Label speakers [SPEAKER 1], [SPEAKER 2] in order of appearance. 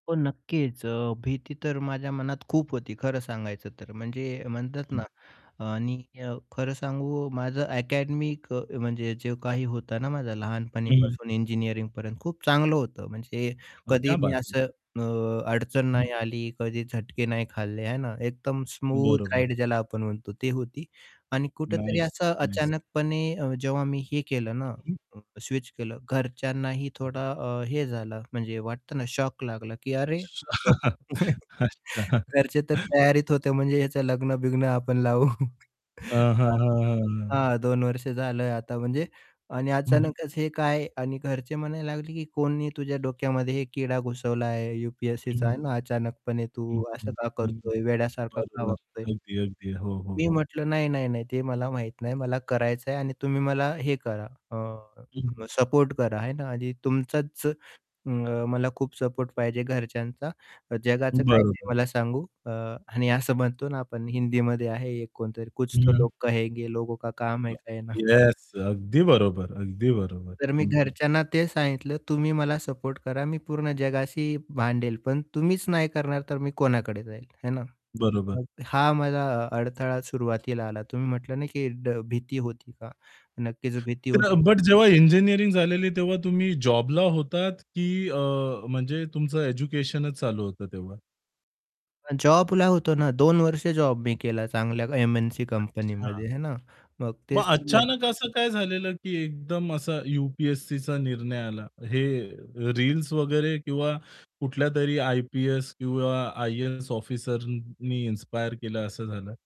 [SPEAKER 1] हो, नक्कीच. अ, भीती तर माझ्या मनात खूप होती खरं सांगायचं तर. म्हणजे म्हणतात
[SPEAKER 2] हं.
[SPEAKER 1] ना, आणि अ, खरं सांगू माझं अकॅडमिक अ, म्हणजे जे काही होतं ना, माझं
[SPEAKER 2] हं, हं.
[SPEAKER 1] लहानपणीपासून इंजिनिअरिंगपर्यंत खूप चांगलं होतं म्हणजे कधी
[SPEAKER 2] क्या
[SPEAKER 1] मी
[SPEAKER 2] बात है.
[SPEAKER 1] असं अ, अडचण
[SPEAKER 2] हं.
[SPEAKER 1] नाही आली, कधी झटके नाही खाल्ले आहे ना, एकदम स्मूथ
[SPEAKER 2] बरोबर.
[SPEAKER 1] राईड ज्याला आपण म्हणतो ती होती आणि कुठेतरी
[SPEAKER 2] नाईस,
[SPEAKER 1] असं
[SPEAKER 2] नाईस.
[SPEAKER 1] अचानकपणे अ, जेव्हा मी हे केलं
[SPEAKER 2] हं,
[SPEAKER 1] ना,
[SPEAKER 2] हं.
[SPEAKER 1] स्विच केलं घरच्यांनाही थोडा अ, हे झालं म्हणजे वाटतं ना, शॉक लागला, की अरे
[SPEAKER 2] अच्छा,
[SPEAKER 1] [unintelligible] अरे
[SPEAKER 2] अच्छा.
[SPEAKER 1] घरचे तर तयारीत होते म्हणजे ह्याचं लग्न-बिग्न आपण लावू.
[SPEAKER 2] हां, हां,
[SPEAKER 1] हां,
[SPEAKER 2] हां, हां, हां.
[SPEAKER 1] हां. 2 वर्ष झालं आता म्हणजे आणि
[SPEAKER 2] हं.
[SPEAKER 1] अचानकच हे काय आणि घरचे म्हणायला लागले, की "कोणी तुझ्या डोक्यामध्ये हे किडा घुसवलाय आहे
[SPEAKER 2] हं,
[SPEAKER 1] यू-पी-एस-सीचा आहे
[SPEAKER 2] हं.
[SPEAKER 1] ना. अचानकपणे
[SPEAKER 2] हं,
[SPEAKER 1] तू असं
[SPEAKER 2] हं,
[SPEAKER 1] का
[SPEAKER 2] हं, हं.
[SPEAKER 1] करतोय वेड्यासारखा का
[SPEAKER 2] बरोबर.
[SPEAKER 1] वागतोय?"
[SPEAKER 2] अगदी, अगदी. हो, हो,
[SPEAKER 1] मी
[SPEAKER 2] हो.
[SPEAKER 1] म्हटलं, "नाही, नाही, नाही. ते मला माहीत नाही, मला करायचं आहे आणि तुम्ही मला हे करा अ,
[SPEAKER 2] हं.
[SPEAKER 1] सपोर्ट करा आहे ना, आणि तुमचाच अ, मला खूप सपोर्ट पाहिजे घरच्यांचा जगाचं काही नाही
[SPEAKER 2] बरोबर.
[SPEAKER 1] मला सांगू" अ, आणि असं म्हणतो ना, आपण हिंदीमध्ये आहे एक कोणतरी कुछ
[SPEAKER 2] हं,
[SPEAKER 1] तो
[SPEAKER 2] हं.
[SPEAKER 1] लोग कहेंगे, लोगो का काम है
[SPEAKER 2] [unintelligible]
[SPEAKER 1] कहना
[SPEAKER 2] येस, अगदी बरोबर, अगदी बरोबर.
[SPEAKER 1] तर मी
[SPEAKER 2] हं, हं.
[SPEAKER 1] घरच्यांना ते सांगितलं, "तुम्ही मला सपोर्ट करा मी पूर्ण जगाशी भांडेल पण तुम्हीच नाही करणार तर मी कोणाकडे जाईल," हे ना?
[SPEAKER 2] बरोबर.
[SPEAKER 1] मग हा अ, माझा अडथळा सुरुवातीला आला. तुम्ही म्हटलं ना की ड भीती होती का? नक्कीच भीती
[SPEAKER 2] तर अ,
[SPEAKER 1] होती.
[SPEAKER 2] बट जेव्हा इंजिनिअरिंग झालेली तेव्हा तुम्ही जॉबला होतात की अ, म्हणजे तुमचं एज्युकेशनच चालू होतं तेव्हा?
[SPEAKER 1] अ, जॉबला होतो ना, 2 वर्ष जॉब मी केला चांगल्या एम-एन-सी
[SPEAKER 2] अच्छा.
[SPEAKER 1] कंपनीमध्ये आहे ना, मग
[SPEAKER 2] मग
[SPEAKER 1] तेच तर मी [unintelligible]
[SPEAKER 2] अचानक असं काय झालेलं की एकदम असा यू-पी-एस-सीचा निर्णय आला. हे रील्स वगैरे किंवा कुठल्यातरी आय-पी-एस किंवा आय-ए-एस ऑफिसरनी इन्स्पायर केलं असं झालं?